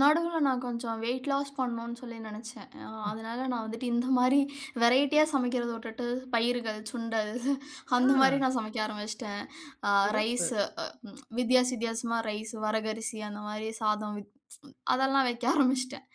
நடுவுல நான் கொஞ்சம் வெயிட் லாஸ் பண்ணணுன்னு சொல்லி நெனச்சேன். அ ம். அதனால, நான் வந்துட்டு இந்த மாரி வெரைட்டியா சமைக்கிறத உட்டுட்டு, பயிர்கள், சுண்டல், அந்த மாரி ஆ. நான் சமைக்க ஆரம்பிச்சுட்டேன். அ சிறப்பு. ரைஸு அ அ ம் வித்தியாச வித்தியாசமா, ரைஸு வரகரிசி அந்த மாரி சாதம் வித் ப்ச் அதெல்லாம் வைக்க ஆரம்பிச்சுட்டேன்.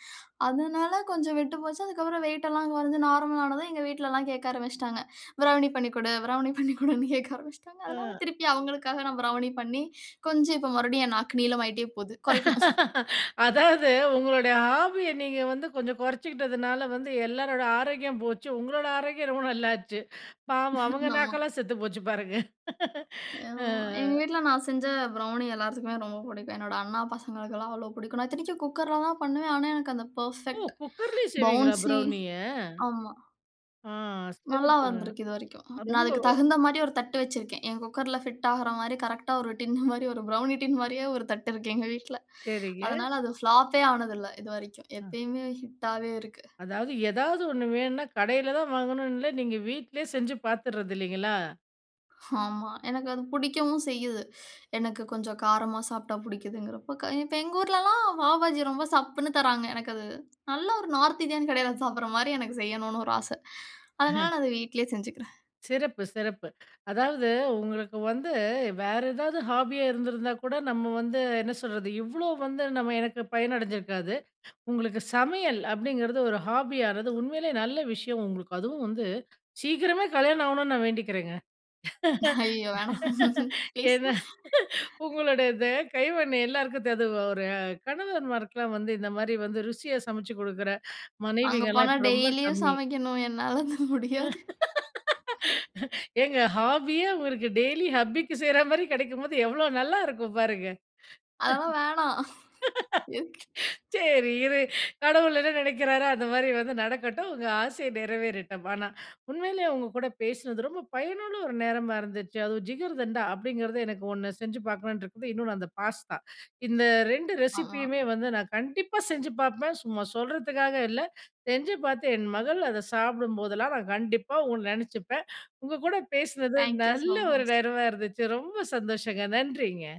அதுனால கொஞ்சம் விட்டு போச்சு. அதுக்கப்புறம் வெயிட் எல்லாம் கொறைஞ்சு நார்மல் ஆனது. எங்க வீட்லலாம் கேக்க ஆரம்பிச்சுட்டாங்க. பிரௌனி பண்ணி குடு, பிரௌனி பண்ணி குடுன்னு கேக்க ஆரம்பிச்சுட்டாங்க. அதனால ஆ, திருப்பி அவங்களுக்காக நான் பிரௌனி பண்ணி, கொஞ்சம் இப்போ மறுபடியும் என் நாக்கு நீளமாயிட்டே போது, கொறைக்கணும். அதாவது உங்களுடைய ஹாபிய நீங்க வந்து கொஞ்சம் கொறச்சுக்கிட்டதுனால வந்து, எல்லாருடைய ஆரோக்கியம் போச்சு. உங்களோட ஆரோக்கியம் ரொம்ப நல்லாச்சு. பாவம் அவங்க ஆமா. நாக்கெல்லாம் செத்து போச்சு பாருங்க. ஆ. ஆமா. எங்க வீட்ல நான் செஞ்ச ப்ரௌணி எல்லாத்துக்குமே ரொம்ப பிடிக்கும். என்னோட அண்ணா பசங்களுக்கெள்லாம் அவ்ளோ பிடிக்கும். நான் இத்தனைக்கும் குக்கர்ல தான் பண்ணுவேன் ஆனா, எனக்கு அந்த ஓ பெர்ஃபெக்ட், குக்கர்லேயே செய்வீங்களா பவுன்சி, ப்ரௌனிய? ஆமா. ஆ நல்லா சிறப்புங்க. வந்திருக்கு இதுவரைக்கும். அ நான் ரொம்ப அதுக்கு தகுந்த மாதிரி ஒரு தட்டு வச்சிருக்கேன். என் குக்கர்ல ஃபிட் ஆகுற மாரி, கரெக்ட்டா, ஒரு டின்னு மாரி, ஒரு ப்ரவுனி டின் மாரியே ஒரு தட்டு இருக்கு எங்க வீட்ல. சரிங்க. அதனால அது பிளாப்பே ஆனது இல்லை இதுவரைக்கும். அ. எப்பயுமே ஹிட்டாவே இருக்கு. அதாவது, எதாவது 1 வேணுன்னா, கடையில தான் வாங்கணும்ன்னுல்ல, நீங்க வீட்லயே செஞ்சு பாத்துர்றது இல்லைங்களா? ஆமா. எனக்கு அது பிடிக்கவும் செய்யுது. எனக்கு கொஞ்சம் காரமா சாப்பிட்டா பிடிக்கிதுங்குறப்போ இப்போ எங்க ஊர்லல்லாம் பாவுபாஜி ரொம்ப சப்புன்னு தராங்க. எனக்கு அது, நல்ல ஒரு நார்த் இந்தியன் கடையில சாப்பிடுற மாரி எனக்கு செய்யனுன்னு ஒரு ஆசை. அதனால அஹ. நான் அத வீட்லயே செஞ்சுக்கிறேன். சிறப்பு சிறப்பு. அதாவது உங்களுக்கு வந்து வேற ஏதாவது ஹாபியா இருந்திருந்தா கூட நம்ம வந்து, என்ன சொல்றது இவ்வளோ வந்து நம்ம எனக்கு பயன் அடைஞ்சிருக்காது. உங்களுக்கு "சமையல்" அப்படிங்கிறது ஒரு ஹாபியானது உண்மையிலே நல்ல விஷயம். உங்களுக்கு அதுவும் வந்து சீக்கிரமே கல்யாணம் ஆவணும்னு நான் வேண்டிக்கிறேங்க. ஐயயோ வேணாம்! ப்ளீஸ். ஏன்னா, உங்களுடைய இது, கைவண்ணம் எல்லாருக்கும் தா து ஒரு கணவன்மாருக்கலாம் வந்து, இந்த மாரி வந்து ருசியா சமைச்சு குடுக்குற அங்க மனைவிகலாம் போனா இப்போ ரொம்ப டெய்லியும் கம்மி. சமைக்கணும். என்னால அது முடியாது. ஏங்க ஹாபியே, உங்களுக்கு டெய்லி ஹப்பிக்கு செய்ற மாரி கெடைக்கும்போது, எவ்வளவு நல்லா இருக்கும் பாருங்க. அதெல்லாம் வேணாம். சரி இரு, கடவுள் என்ன நெனைக்கிறாரோ, அந்த மாரி வந்து நடக்கட்டும். உங்க ஆசையை நிறைவேறட்டும். ஆனா, உண்மையிலேயே உங்க கூட பேசினது ரொம்ப பயனுள்ள ஒரு நேரமா இருந்துச்சு. அதுவும் "ஜிகர்தண்டா" அப்படிங்கிறது எனக்கு 1 செஞ்சு பாக்கணுன்ட்ருக்கு. இன்னொண்ணு அந்த பாஸ்தா. இந்த 2 ரெசிபியுமே ஆமா. வந்து, நான் கண்டிப்பா செஞ்சு பாப்பேன். சும்மா சொல்றதுக்காக இல்லை. செஞ்சு பாத்து என் மகள் அதை சாப்பிடும் போதெல்லாம், நான் கண்டிப்பா ஒண்ணு நெனைச்சிப்பேன். உங்க கூட பேசுனது தாங்க் யூ நல்ல சோ ஒரு மச். நேரமா இருந்துச்சு. ரொம்ப சந்தோஷங்க. நன்றிங்க.